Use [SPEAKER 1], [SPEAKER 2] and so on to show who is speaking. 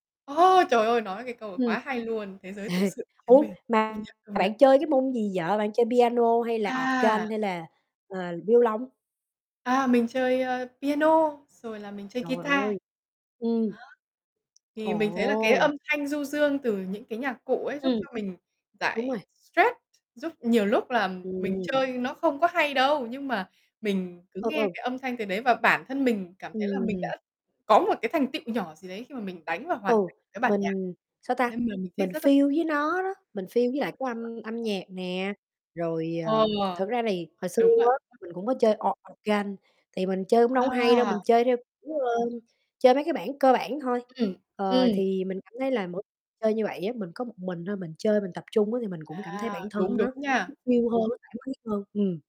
[SPEAKER 1] A, trời ơi! Nói cái câu, à,
[SPEAKER 2] Ừm.
[SPEAKER 1] quá hay luôn: "Thế giới tự
[SPEAKER 2] Ê!
[SPEAKER 1] sự chính
[SPEAKER 2] Ủa
[SPEAKER 1] mình." Công
[SPEAKER 2] mà
[SPEAKER 1] nhận, công nhận.
[SPEAKER 2] bạn chơi cái môn gì vậy? Bạn chơi piano hay là
[SPEAKER 1] À!
[SPEAKER 2] organ hay là, à, vi-ô-lông?
[SPEAKER 1] À, mình chơi, a, piano rồi là mình chơi
[SPEAKER 2] Trời
[SPEAKER 1] guitar.
[SPEAKER 2] ơi! Ừm.
[SPEAKER 1] Đó. Thì mình thấy là cái
[SPEAKER 2] Ồ!
[SPEAKER 1] âm thanh du dương từ những cái nhạc cụ ấy giúp
[SPEAKER 2] Ừm.
[SPEAKER 1] cho mình
[SPEAKER 2] Đúng
[SPEAKER 1] giải
[SPEAKER 2] rồi.
[SPEAKER 1] stress, giúp nhiều lúc là mình
[SPEAKER 2] Ừm.
[SPEAKER 1] chơi nó không có hay đâu, nhưng mà mình cứ
[SPEAKER 2] Ừ,
[SPEAKER 1] nghe
[SPEAKER 2] ừ.
[SPEAKER 1] cái âm thanh từ đấy và bản thân mình cảm thấy là mình
[SPEAKER 2] Ừm.
[SPEAKER 1] đã có một cái thành tựu nhỏ gì đấy khi mà mình đánh và hoàn
[SPEAKER 2] Ừ,
[SPEAKER 1] thành cái bản nhạc.
[SPEAKER 2] mình sao ta?
[SPEAKER 1] Nên m mình thích
[SPEAKER 2] Mình
[SPEAKER 1] rất rất thích.
[SPEAKER 2] feel với nó đó, mình feel với lại cái âm âm
[SPEAKER 1] [unintelligible]
[SPEAKER 2] nhạc nè. Rồi,
[SPEAKER 1] Ờ,
[SPEAKER 2] ờ, thực ra thì hồi xưa
[SPEAKER 1] đúng vậy.
[SPEAKER 2] á mình cũng có chơi o organ, thì mình chơi cũng đâu có hay đâu,
[SPEAKER 1] À!
[SPEAKER 2] mình chơi theo kiểu, ờ, chơi mấy cái bản cơ bản thôi.
[SPEAKER 1] Ừm,
[SPEAKER 2] Ờ,
[SPEAKER 1] ừm.
[SPEAKER 2] thì mình cảm thấy là mỗi chơi như vậy á, mình có một mình thôi, mình chơi mình tập trung á thì mình cũng cảm thấy
[SPEAKER 1] À!
[SPEAKER 2] bản
[SPEAKER 1] Đúng,
[SPEAKER 2] thân nó
[SPEAKER 1] đúng
[SPEAKER 2] nó
[SPEAKER 1] nha.
[SPEAKER 2] feel hơn, nó thoải mái hơn. Ừm.